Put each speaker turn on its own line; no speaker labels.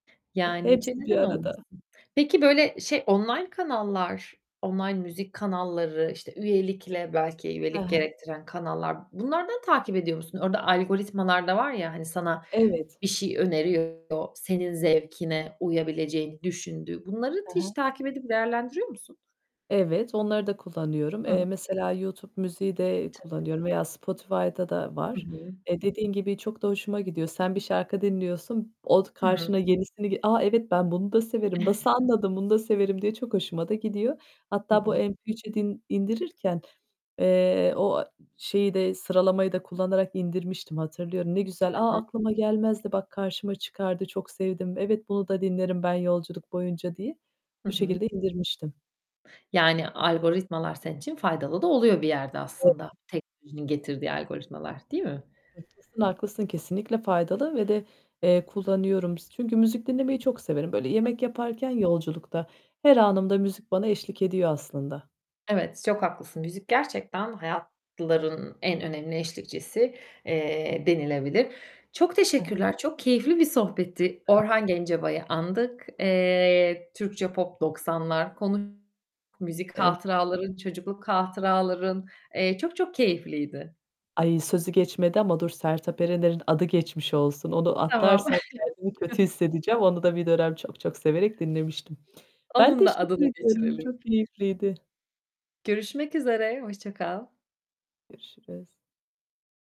E,
Yani çe
hepsi bir
neden
arada.
olmasın. Peki, böyle, şey, online kanallar, online müzik kanalları, işte, üyelikle belki
Hı
üyelik
hı.
gerektiren kanallar bunlardan takip ediyor musun? Orada algoritmalar da var ya, hani, sana
Evet.
bir şey öneriyor, senin zevkine uyabileceğini düşündüğü. Bunları
Hı
hiç
hı.
takip edip değerlendiriyor musun?
Evet, onları da kullanıyorum.
Hı hı.
Eee, mesela YouTube müziği de
Tabii.
kullanıyorum veya Spotify'da da
Hı
var.
hı.
Eee, dediğin gibi çok da hoşuma gidiyor. Sen bir şarkı dinliyorsun. O
Hı hı.
karşına yenisini ge "A! Evet ben bunu da severim. Nasıl anladın? Bunu da severim." diye çok hoşuma da gidiyor.
Hı
Hatta bu
hı.
MP3'e din indirirken, eee, o şeyi de sıralamayı da kullanarak indirmiştim, hatırlıyorum. "Ne güzel.
Hı
A!
hı.
Aklıma gelmezdi bak, karşıma çıkardı çok sevdim. Evet, bunu da dinlerim ben yolculuk boyunca." diye.
Hı
Bu
hı.
şekilde indirmiştim.
Yani algoritmalar senin için faydalı da oluyor bir yerde
[unintelligible]
aslında. Teknolojinin getirdiği algoritmalar, değil mi?
Haklısın, haklısın, kesinlikle faydalı ve de, eee, kullanıyorum. S çünkü müzik dinlemeyi çok severim. Böyle
Hı hı.
yemek yaparken, yolculukta, her anımda müzik bana eşlik ediyor aslında.
Evet, çok haklısın. Müzik gerçekten hayatların en önemli eşlikçisi, eee, denilebilir. Çok
Hı hı.
teşekkürler. Çok keyifli bir sohbetti;
[unintelligible]
Orhan Gencabay'ı andık. Eee, Türkçe Pop 90'lar konuş müzik
Ev
hatıraların, çocukluk hatıraların. Eee, çok çok keyifliydi.
Ayy, sözü geçmedi ama dur. Sertap Erener'in adı geçmiş olsun. Onu
Tamam.
atlarsam kendimi kötü hissedeceğim. Onu da bir dönem çok çok severek dinlemiştim. Ben
Onun da
teşekkür
adını
ediyorum.
geçirelim.
Çok keyifliydi.
Görüşmek üzere, hoşça kal.
Görüşürüz.